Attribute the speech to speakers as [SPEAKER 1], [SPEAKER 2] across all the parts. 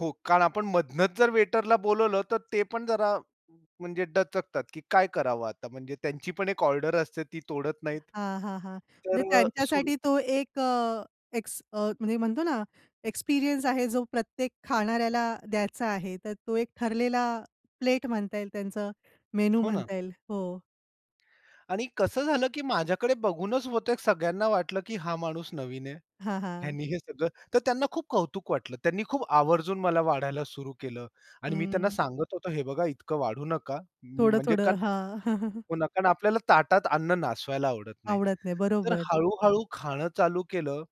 [SPEAKER 1] हो, कारण आपण मधनच जर वेटरला बोलावलं तर ते पण जरा म्हणजे दचकतात, की काय करावं आता? म्हणजे त्यांची पण एक ऑर्डर असते, ती तोडत नाहीत.
[SPEAKER 2] हां, हां, हां,
[SPEAKER 1] तर
[SPEAKER 2] म्हणजे
[SPEAKER 1] अ, सुरू
[SPEAKER 2] त्यांच्यासाठी तो एक अ, एक्स अ, म्हणजे म्हणतो ना, एक्सपिरियन्स आहे, जो प्रत्येक खाणाऱ्याला द्यायचा आहे. तर तो एक ठरलेला प्लेट म्हणता येईल त्यांचं. मेनू
[SPEAKER 1] हो ना.
[SPEAKER 2] म्हणता येईल, हो.
[SPEAKER 1] आणि कसं झालं, की माझ्याकडे बघूनच बहुतेक, सगळ्यांना वाटलं, की हा माणूस नवीन आहे.
[SPEAKER 2] हां, हां.
[SPEAKER 1] ह्यांनी हे सगळं तर त्यांना खूप कौतुक वाटलं. त्यांनी खूप आवर्जून मला वाढायला सुरू केलं. आणि मी त्यांना
[SPEAKER 2] हं.
[SPEAKER 1] सांगत होतो, हे बघा इतकं वाढू नका. मी म्हणजे
[SPEAKER 2] थोडं-थोडं,
[SPEAKER 1] कारण
[SPEAKER 2] हां.
[SPEAKER 1] हो ना, कारण आपल्याला ताटात अन्न नासवायला आवडत नाही.
[SPEAKER 2] आवडत नाही,
[SPEAKER 1] तर
[SPEAKER 2] बरोबर.
[SPEAKER 1] हळू-हळू खाणं चालू केलं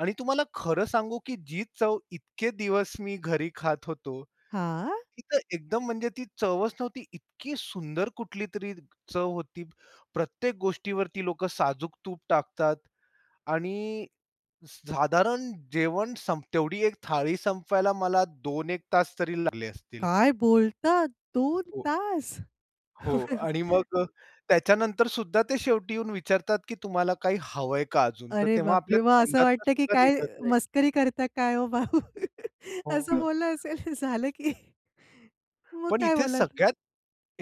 [SPEAKER 1] आणि तुम्हाला खरं सांगू, की जी चव इतके दिवस मी घरी खात होतो,
[SPEAKER 2] हां.
[SPEAKER 1] ती तर एकदम म्हणजे ती चवच नव्हती, इतकी सुंदर कुठलीतरी चव होती. प्रत्येक गोष्टीवरती लोक साजूक तूप टाकतात आणि स साधारण जेवण संप तेवढी 1 थाळी संपवायला मला 2-1 तास तरी लागले असतील.
[SPEAKER 2] काय बोलतात? 2
[SPEAKER 1] हो.
[SPEAKER 2] तास.
[SPEAKER 1] हो आणि मग त्याच्यानंतर सुद्धा ते शेवटी येऊन विचारतात, की तुम्हाला काही हवंय का अजून? तर
[SPEAKER 2] अरे
[SPEAKER 1] तेव्हा
[SPEAKER 2] बाप
[SPEAKER 1] आपल्या
[SPEAKER 2] रे! मग असं
[SPEAKER 1] तोंडातून
[SPEAKER 2] वाटतं, की
[SPEAKER 1] सुद्धा
[SPEAKER 2] काय
[SPEAKER 1] निघत नाही.
[SPEAKER 2] मस्करी करता काय ओ भाऊ?
[SPEAKER 1] हो
[SPEAKER 2] असं
[SPEAKER 1] ना.
[SPEAKER 2] बोललं असेल, झालं की मग
[SPEAKER 1] पण
[SPEAKER 2] काय
[SPEAKER 1] इथे
[SPEAKER 2] बोलायचं?
[SPEAKER 1] सगळ्यात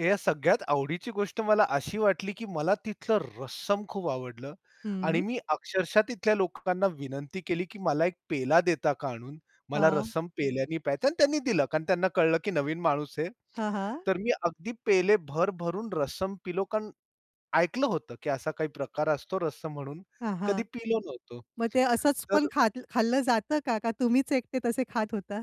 [SPEAKER 1] या सगळ्यात आवडीची गोष्ट मला अशी वाटली, की मला तिथलं रस्सम खूप आवडलं आणि
[SPEAKER 2] हं.
[SPEAKER 1] मी अक्षरशः तिथल्या लोकांना विनंती केली, की मला 1 पेला देता का आणून? मला
[SPEAKER 2] हां.
[SPEAKER 1] रस्सम पेल्याने प्यायचं आणि त्यांनी दिलं. कारण त्यांना कळलं, की नवीन माणूस आहे.
[SPEAKER 2] हां, हां.
[SPEAKER 1] तर मी अगदी पेले भर-भरून रसम पिलो. कारण ऐकलं होतं, की असा काही प्रकार असतो रस्सम म्हणून,
[SPEAKER 2] हां,
[SPEAKER 1] कधी
[SPEAKER 2] हां.
[SPEAKER 1] पिलो नव्हतो,
[SPEAKER 2] मग ते असंच पण
[SPEAKER 1] तर
[SPEAKER 2] खाल खाल्लं जातं का? का तुम्हीच एकटे तसे खात होता?